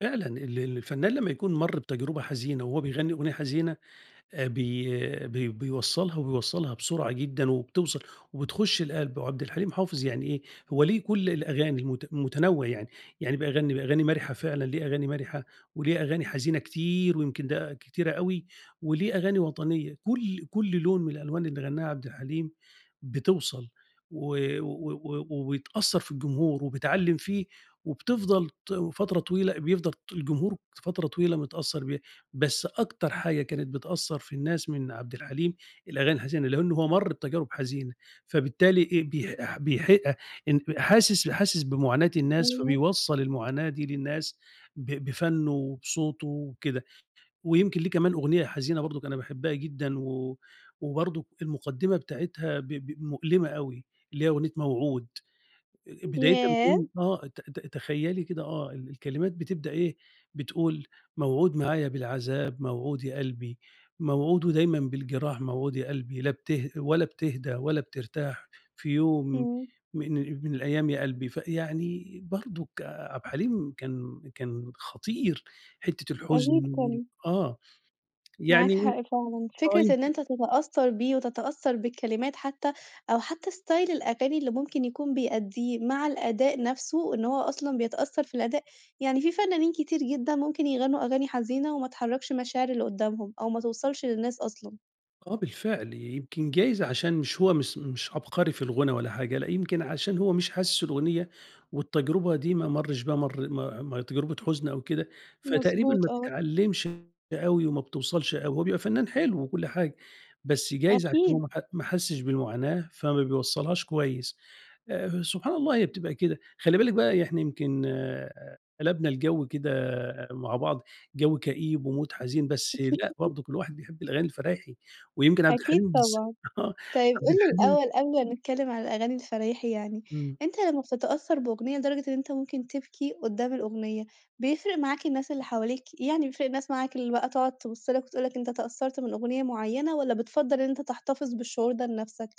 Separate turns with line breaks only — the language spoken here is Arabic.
فعلًا ال ال الفنان لمّا يكون مَر بتجربة حزينة وهو بيغني أغنية حزينة، آآ، بي بي بيوصّلها وبيوصّلها بسرعة جدًا، وبتوصَل وبتخش القلب. وعبدالحليم حافظ يعني إيه، هو ليه كلّ الأغاني المت متنوع يعني، يعني بيغني أغاني مرحة فعلًا ليه أغاني مرحة، وليه أغاني حزينة كتير، ويمكن ده كتيرة أوي، وليه أغاني وطنية، كلّ كلّ لون من الألوان اللي غناها عبد الحليم، بتوصَل و و و وبتأثّر في الجمهور وبتعلِّم فيه، وبتفضل ت و فترة طويلة بيفضل ط الجمهور فترة طويلة متأثّر بيها، بس أكتر حاجة كانت بتأثّر في الناس من عبدالحليم الأغاني الحزينة، لإن هو مَر بتجارب حزينة، فبالتالي إيه، بيح ح بيحق ان حاسس حاسس بمعاناة الناس
امم.
فبيوصّل المعاناة دي للناس، ب بفنُّه وبصوته وكده. ويمكن ليه كمان أغنية حزينة برضه أنا باحبها جدًا و وبرضه المقدّمة بتاعتها ب ب مؤلمة أوي، اللي هي أغنية موعود، أ أ بدايتها
ياه!
بتكون آه ت ت تخيّلي كده آه ال الكلمات بتبدأ إيه، بتقول "موعود معايا بالعذاب موعود يا قلبي، موعود ودايمًا بالجراح موعود يا قلبي، لا بته ولا بتهدى ولا بترتاح، في يوم
إمم.
من من الأيام يا قلبي." فيعني برضه عبدالحليم كان كان خطير، حتّة الحزن
أكيد
وال
طبعًا.
آه،
معاك
يعني
حق فعلًا،
آه
فكرة إن
يمك
أنت تتأثّر بيه وتتأثّر بالكلمات حتّى، أو حتّى ستايل الأغاني اللي ممكن يكون بيأديه، مع الأداء نفْسه إن هو أصلًا بيتأثّر في الأداء، يعني في فنانين كتير جدًا ممكن يغنوا أغاني حزينة، وما تحركش مشاعر اللي قدّامهم، أو ما توصلش للناس أصلًا.
آه بالفعل يمكن جايز عشان مش هو مش- مش عبقري في الغُنا ولا حاجة، لأ يمكن عشان هو مش حاسس الأغنية، والتجربة دي ما مَرش ب مر ما آآ تجربة حزن أو كده، فتقريبًا ما
مضبوط، آه.
بتعلِّمش أوي وما بتوصَلش أوي، هو بيبقى فنان حلو وكلّ حاجة، بس جايز عشان هو
أكيد.
ما ح ما حسّش بالمعاناة فما بيوصّلهاش كويس. آآ، سبحان الله هي بتبقى كده، خلّي بالِك بقى إحنا يعني يمكن قلبنا الجو كده مع بعض جو كئيب ومود حزين، بس لأ برضه كلّ واحد بيحب الأغاني الفرايحي، ويمكن عبد
أكيد
الحليم بالذ
طبعًا،
آه،
طيب قُل
عبد
لي
الحليم
الأول قبل ما نتكلّم عن الأغاني الفرايحي يعني،
إمم.
أنت لمّا بتتأثّر بأغنية لدرجة إن أنت ممكن تبكي قدّام الأغنية، بيفرق معاك الناس اللي حواليك، يعني بيفرق الناس معاك اللي بقى تقعد تبُص لك وتقول لك أنت اتأثّرت من أغنية معيّنة، والّا بتفضّل إن أنت تحتفظ بالشعور ده لنفْسك؟